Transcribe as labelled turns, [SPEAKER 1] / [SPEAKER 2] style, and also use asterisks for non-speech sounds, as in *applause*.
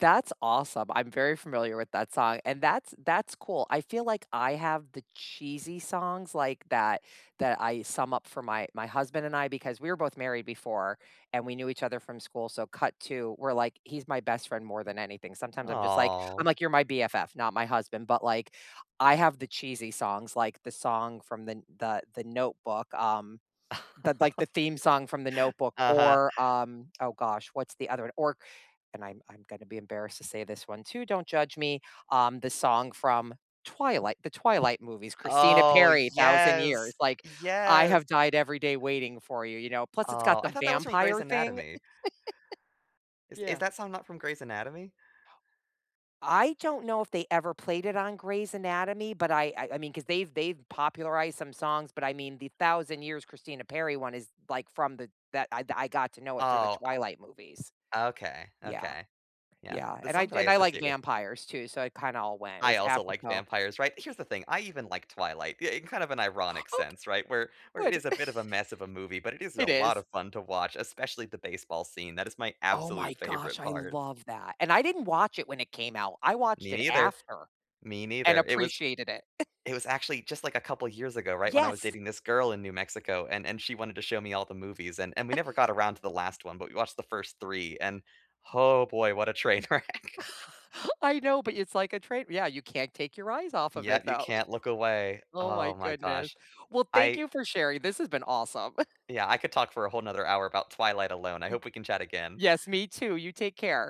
[SPEAKER 1] That's awesome, I'm very familiar with that song, and that's that's cool. I feel like I have the cheesy songs like that, that I sum up for my my husband and I because we were both married before and we knew each other from school, so cut to, we're like he's my best friend more than anything, sometimes I'm just, like I'm,
[SPEAKER 2] Aw.
[SPEAKER 1] like, "You're my BFF, not my husband," but, like, I have the cheesy songs, like, the song from the N the the Notebook, um but, like,
[SPEAKER 2] *chuckles*
[SPEAKER 1] the theme song from The Notebook
[SPEAKER 2] Uh-huh.
[SPEAKER 1] or, um, oh, gosh, what's the other one, or c and I'm I'm gonna be embarrassed to say this one too, don't judge me, um, the song from Twilight, the Twilight movies, Christina
[SPEAKER 2] Oh,
[SPEAKER 1] Perri, Thousand Years,
[SPEAKER 2] yes,
[SPEAKER 1] like, "I
[SPEAKER 2] yes.
[SPEAKER 1] have died every day waiting for you," you know, plus it's got
[SPEAKER 2] Oh, I
[SPEAKER 1] the
[SPEAKER 2] thought that was from Grey's
[SPEAKER 1] vampire thing.
[SPEAKER 2] Anatomy.
[SPEAKER 1] *chuckles*
[SPEAKER 2] Is is
[SPEAKER 1] Yeah.
[SPEAKER 2] that song not from Grey's Anatomy?
[SPEAKER 1] I don't know if they ever played it on Grey's Anatomy, but, I I I mean, 'cause they've they've popularized some songs, but, I mean the Thousand Years Christina Perri one is, like, from the that I I got to know it through the
[SPEAKER 2] Oh
[SPEAKER 1] Twilight movies.
[SPEAKER 2] Okay,
[SPEAKER 1] Yeah,
[SPEAKER 2] okay, yeah,
[SPEAKER 1] yeah,
[SPEAKER 2] the
[SPEAKER 1] and I
[SPEAKER 2] song that
[SPEAKER 1] j
[SPEAKER 2] I
[SPEAKER 1] and I like
[SPEAKER 2] associate with
[SPEAKER 1] vampires too, so it kinda all went, it
[SPEAKER 2] I
[SPEAKER 1] was
[SPEAKER 2] also like
[SPEAKER 1] apropos.
[SPEAKER 2] vampires, right? Here's the thing, I even like Twilight, yeah, in kinda an ironic
[SPEAKER 1] Ok
[SPEAKER 2] sense, right? Where where it
[SPEAKER 1] Good
[SPEAKER 2] is a bit of a mess of a movie, but,
[SPEAKER 1] *chuckles*
[SPEAKER 2] it is a
[SPEAKER 1] It
[SPEAKER 2] lotta
[SPEAKER 1] is.
[SPEAKER 2] fun to watch, especially the baseball scene, that is my
[SPEAKER 1] Oh, my
[SPEAKER 2] absolute
[SPEAKER 1] gosh,
[SPEAKER 2] favorite
[SPEAKER 1] I
[SPEAKER 2] part.
[SPEAKER 1] love that, and I didn't watch it when it came out. I watched
[SPEAKER 2] Me
[SPEAKER 1] it
[SPEAKER 2] neither,
[SPEAKER 1] after
[SPEAKER 2] me
[SPEAKER 1] and
[SPEAKER 2] neither, it was
[SPEAKER 1] appreciated it.
[SPEAKER 2] it was actually just, like, a couple of years ago, right, when I was
[SPEAKER 1] Yes.
[SPEAKER 2] dating this girl in New Mexico, and and she wanted to show me all the movies and and we never got around to the last one, but, we watched the 1st 3 and oh, boy, what a train wreck. *chuckles*
[SPEAKER 1] *chuckles* I know, but y it's like a train wr yeah, you can't take your eyes off of
[SPEAKER 2] Yeah,
[SPEAKER 1] it
[SPEAKER 2] you
[SPEAKER 1] though.
[SPEAKER 2] can't look away,
[SPEAKER 1] Oh, my
[SPEAKER 2] oh, my
[SPEAKER 1] goodness.
[SPEAKER 2] gosh.
[SPEAKER 1] Well, thank
[SPEAKER 2] I
[SPEAKER 1] you for sharing, this has been awesome.
[SPEAKER 2] Yeah, I could talk for a whole 'nother hour about Twilight alone, I
[SPEAKER 1] M
[SPEAKER 2] hope we can chat again.
[SPEAKER 1] yes, me too, you take care.